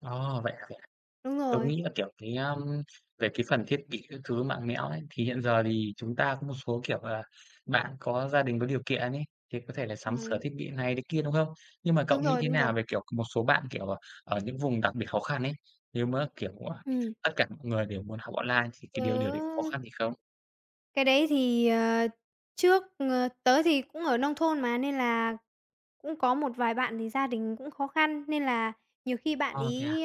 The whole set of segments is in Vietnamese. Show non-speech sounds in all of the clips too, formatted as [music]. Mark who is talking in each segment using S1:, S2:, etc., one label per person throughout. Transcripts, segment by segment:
S1: Ồ, vậy hả? Vậy hả?
S2: Đúng
S1: Tớ
S2: rồi.
S1: nghĩ là, kiểu, cái, à, về cái phần thiết bị các thứ, mạng mẽo ấy, thì hiện giờ thì chúng ta có một số, kiểu là, bạn có gia đình có điều kiện ấy, thì có thể là sắm sửa
S2: Ừm.
S1: thiết bị th này thế kia, đúng không? Nhưng mà cậu
S2: Đúng
S1: nghĩ
S2: rồi,
S1: thế
S2: đúng rồi.
S1: nào về, kiểu, một số bạn, kiểu, ờ, ở những vùng đặc biệt khó khăn ấy, nếu mà, kiểu, à,
S2: Ừm.
S1: tất cả mọi người đều muốn học online thì cái điều điều đấy có khó
S2: Tớ
S1: khăn gì không?
S2: Cái đấy thì, ờ, trước, ờ, tớ thì cũng ở nông thôn mà, nên là cũng có một vài bạn thì gia đình cũng khó khăn, nên là nhiều khi bạn
S1: Ơ, thế à?
S2: ấy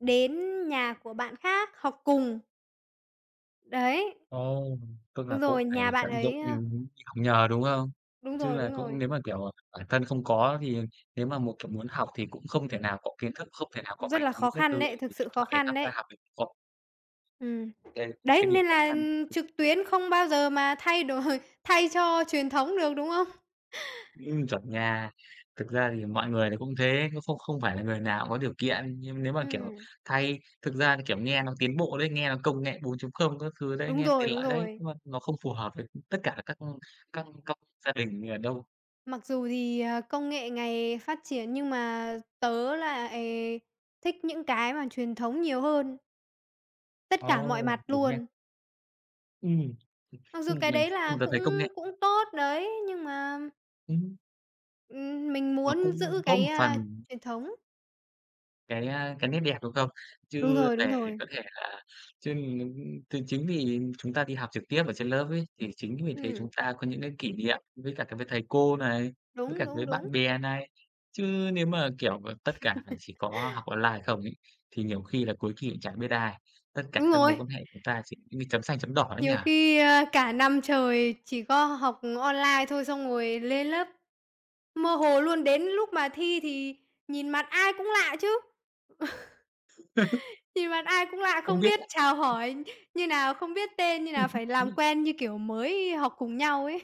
S2: đến nhà của bạn khác học cùng. Đấy.
S1: Ồ, tức là
S2: Đúng
S1: cũng
S2: rồi,
S1: phải
S2: nhà bạn
S1: tận dụng,
S2: ấy,
S1: ừm
S2: à
S1: hứm, đi học nhờ, đúng không?
S2: Đúng
S1: Chứ
S2: rồi,
S1: là
S2: đúng
S1: cũng
S2: rồi.
S1: nếu mà, kiểu, à, bản thân không có thì nếu mà một kiểu, muốn học thì cũng không thể nào có kiến thức, không thể nào có
S2: Rất
S1: máy
S2: là
S1: tính
S2: khó
S1: các thứ
S2: khăn
S1: ấy,
S2: đấy, thực
S1: kiểu,
S2: sự
S1: điện
S2: khó
S1: thoại
S2: khăn
S1: tham gia
S2: đấy.
S1: học ấy [unintelligible]
S2: Ừm,
S1: đấy, một
S2: đấy,
S1: cái điểm
S2: nên
S1: khó
S2: là,
S1: khăn.
S2: ừm, trực tuyến không bao giờ mà thay đổi thay cho truyền thống được, đúng hông?
S1: Ừm, chuẩn nha. Thực ra thì mọi người thì cũng thế, cũng không không phải là người nào cũng có điều kiện, nhưng nếu mà, kiểu,
S2: Ừm.
S1: thay thực ra thì kiểu nghe nó tiến bộ đấy, nghe nó công nghệ 4.0 các thứ đấy,
S2: Đúng
S1: nghe tiện
S2: rồi, đúng
S1: lợi đấy,
S2: rồi.
S1: nhưng mà nó không phù hợp với, ừm, tất cả các các các gia đình, ờ, đâu.
S2: Mặc dù thì, à, công nghệ ngày phát triển, nhưng mà tớ lại thích những cái mà truyền thống nhiều hơn. Tất cả mọi
S1: Ồ,
S2: mặt
S1: đúng nha.
S2: luôn.
S1: Ừm, [chuckles]
S2: Mặc dù
S1: nhưng
S2: cái
S1: mà
S2: đấy
S1: nhưng mà
S2: là
S1: tớ thấy công
S2: cũng
S1: nghệ
S2: cũng tốt đấy, nhưng mà
S1: Ừm.
S2: ừm, mình
S1: Nó
S2: muốn
S1: cũng
S2: giữ
S1: tốt
S2: cái,
S1: một
S2: à,
S1: phần.
S2: truyền thống.
S1: Cái, à, cái nét đẹp, đúng không?
S2: Đúng
S1: Chứ
S2: rồi, đúng
S1: để
S2: rồi.
S1: có thể là chứ n thì chính vì chúng ta đi học trực tiếp ở trên lớp ấy, thì chính vì thế chúng
S2: Ừm.
S1: ta có những cái kỷ niệm với cả với thầy cô này, với
S2: Đúng,
S1: cả với
S2: đúng,
S1: bạn
S2: đúng.
S1: bè này. Chứ nếu mà, kiểu, ờ, tất cả chỉ
S2: [laughs]
S1: có học online không ấy, thì nhiều khi là cuối kỳ cũng chẳng biết ai, tất cả
S2: Đúng
S1: các mối
S2: rồi.
S1: quan hệ của ta chỉ giống như chấm xanh chấm đỏ đấy nhỉ?
S2: Nhiều khi, a, cả năm trời chỉ có h học online thôi, xong rồi lên lớp, mơ hồ luôn, đến lúc mà thi thì nhìn mặt ai cũng lạ chứ,
S1: [laughs]
S2: [chuckles] nhìn mặt ai cũng lạ,
S1: Không
S2: không
S1: biết
S2: biết
S1: là
S2: chào hỏi như nào, không biết tên như nào, phải làm
S1: [laughs]
S2: quen như kiểu mới học cùng nhau ấy.